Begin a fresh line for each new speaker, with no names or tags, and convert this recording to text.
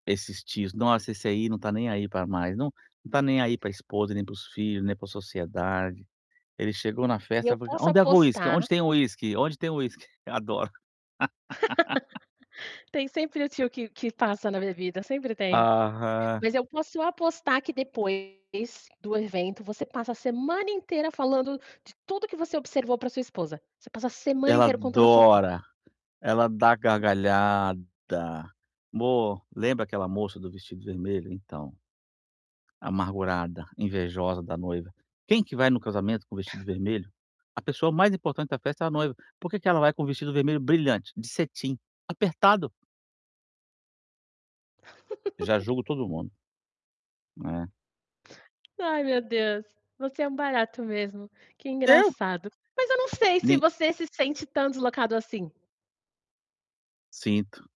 Esses tios, nossa, esse aí não tá nem aí para mais, não não está nem aí para esposa, nem para os filho, nem para sociedade. Ele chegou na
E
festa,
eu
[unintelligible]
posso
"Onde é uísque? Onde
apostar
tem uísque? Onde tem uísque?". Adoro.
Tem sempre o tio que que passa na minha vida, sempre tem.
Aham.
Mas eu posso apostar que depois, do evento, você passa a semana inteira falando de tudo que você observou para sua esposa. Você passa a semana
Ela
inteira contando as fofoca.
adora, ela dá gargalhada. "Amor, lembra aquela moça do vestido vermelho? Então, amargurada, invejosa da noiva. Quem que vai no casamento com o vestido vermelho? A pessoa mais importante da festa é a noiva. Por que que ela vai com o vestido vermelho brilhante, de cetim, apertado?". Já julgo todo mundo. É.
Ai meu Deus, você é um barato mesmo. Que
Eu?
engraçado. Mas eu não sei se
Ni
você se sente tão deslocado assim.
Sinto.